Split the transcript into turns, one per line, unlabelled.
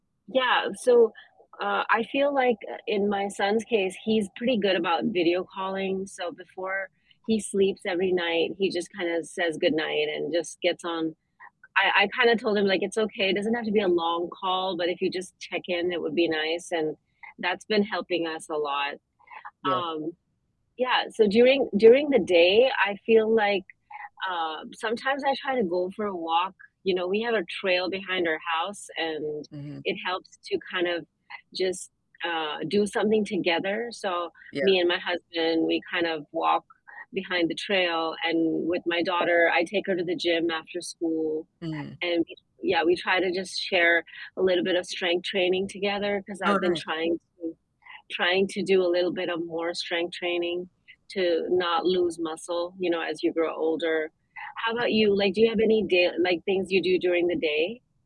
Yeah, so, uh, I feel like, uh, in my son's case, he's pretty good about video calling, so before he sleeps every night, he just kinda says goodnight and just gets on I I kinda told him, like, "It's okay, it doesn't have to be a long call, but if you just check in, it would be nice," and that's been helping us a lot.
Yeah.
Um, yeah, so during during the day, I feel like, uh, sometimes I try to go for a walk. You know, we have a trail behind our house, and
Mhm.
it helps to kind of just, uh, do something together, so me
Yeah.
and my husband, we kind of walk behind the trail, and with my daughter, I take her to the gym after school,
Mhm.
and, w yeah, we try to just share a little bit of strength training together 'cause
Oh
I've been
nice.
trying to trying to do a little bit of more strength training to not lose muscle, you know, as you grow older. How about you?
[unintelligible]
Like, do you have any da like, things you do during the day?